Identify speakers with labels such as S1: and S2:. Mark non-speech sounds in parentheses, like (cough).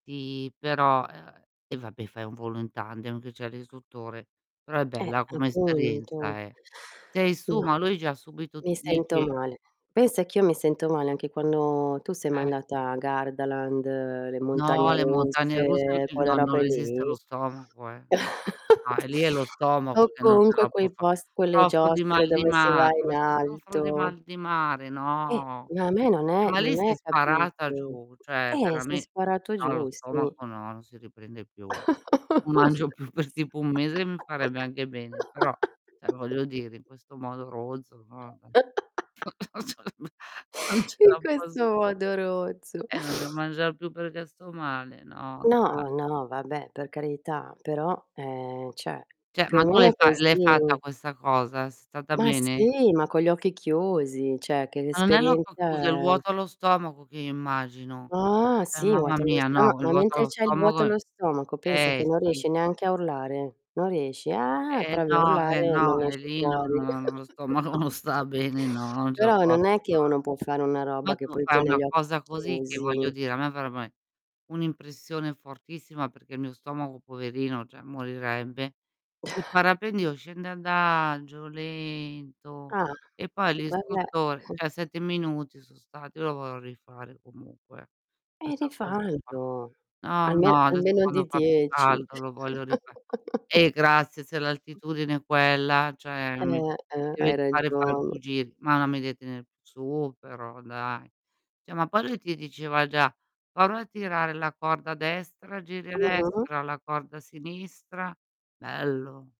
S1: Ti però ehm, e vabbè, fai un volo in tandem che c'è l'istruttore, però è
S2: Eh,
S1: bella come
S2: appunto.
S1: esperienza, eh. Sei su, ma
S2: No,
S1: lui già subito
S2: mi
S1: ti
S2: sento
S1: dice
S2: male. Pensa che io mi sento male anche quando tu sei mai
S1: Eh.
S2: andata a Gardaland, le
S1: No,
S2: montagne
S1: le montagne russe
S2: russe,
S1: eh
S2: quella
S1: no, non
S2: robe
S1: resiste lo
S2: lì?
S1: stomaco, eh. No,
S2: (chuckles)
S1: e lì è lo stomaco
S2: O
S1: che non ce
S2: comunque
S1: la può
S2: quei
S1: fa
S2: pos quelle
S1: soffro di
S2: giostre
S1: mal di
S2: dove si va
S1: mar ma
S2: in
S1: se soffro di
S2: alto.
S1: mal di mare,
S2: Eh,
S1: no.
S2: ma a me non
S1: Eh,
S2: è
S1: ma lì
S2: non
S1: sei
S2: è
S1: sparata
S2: capito?
S1: giù, cioè
S2: Eh, sei
S1: verame
S2: sparato
S1: no, lo
S2: giù, sì.
S1: stomaco no, non si riprende più. Non mangio più, per tipo 1 mese mi farebbe anche bene, però, cioè voglio dire, in
S2: (laughs)
S1: questo modo rozzo, no vabbè
S2: (laughs)
S1: (chuckles) (unintelligible) non ce
S2: In
S1: la posso
S2: questo
S1: (unintelligible)
S2: modo rozzo.
S1: eh, non devo mangiar più perché sto male, no,
S2: No,
S1: da
S2: ma no, vabbè, per carità, però, ehm, cioè,
S1: Cioè,
S2: più o
S1: ma tu
S2: meno
S1: l'hai
S2: è
S1: fa
S2: così.
S1: l'hai fatta questa cosa? Sei stata
S2: Ma
S1: bene?
S2: sì, ma con gli occhi chiusi, cioè che
S1: Ma non è l'occhio chiuso, è il
S2: l'esperienza è
S1: vuoto allo stomaco che io immagino.
S2: Ah
S1: Cioè,
S2: sì,
S1: mamma
S2: vuoto allo
S1: mia,
S2: stoma
S1: no, quel
S2: ma
S1: vuoto
S2: mentre
S1: allo
S2: c'hai il
S1: stomaco
S2: vuoto
S1: i
S2: allo stomaco pensa che
S1: eh
S2: non
S1: sì
S2: riesci
S1: (unintelligible)
S2: neanche a urlare, non riesci. "Ah".
S1: Eh
S2: provi a
S1: no, eh
S2: urlare,
S1: no,
S2: non
S1: e
S2: esce
S1: lì no,
S2: fuori.
S1: no lo stomaco
S2: (chuckles)
S1: non sta bene, no, non ce la
S2: Però
S1: posso
S2: non è che
S1: fare.
S2: uno può fare una
S1: Ma
S2: roba che
S1: tu
S2: poi
S1: fai
S2: tiene
S1: una
S2: gli occhi
S1: cosa così, che voglio
S2: chiusi.
S1: dire, a me farebbe ae un'impressione fortissima perché il mio stomaco, poverino, cioè morirebbe. Il
S2: (chuckles)
S1: parapendio scende adagio, lento,
S2: Ah,
S1: e poi
S2: vabbè.
S1: l'istruttore
S2: (chuckles)
S1: cioè 7 minuti so' stati, io lo vorrò rifare comunque,
S2: E
S1: questa cosa qua.
S2: rifallo,
S1: No,
S2: alme
S1: no, adesso
S2: almeno di
S1: quando fa più
S2: 10.
S1: caldo lo voglio rifa eh grazie, se
S2: (chuckles)
S1: l'altitudine è quella, cioè mi
S2: Eh, eh,
S1: devi
S2: hai
S1: fare far
S2: ragione.
S1: più giri, ma non mi devi tenere su, però dai. Cioè ma poi lui ti diceva già: "Prova a tirare la corda a destra, giri a
S2: Mh-mh.
S1: destra, la corda sinistra" bello.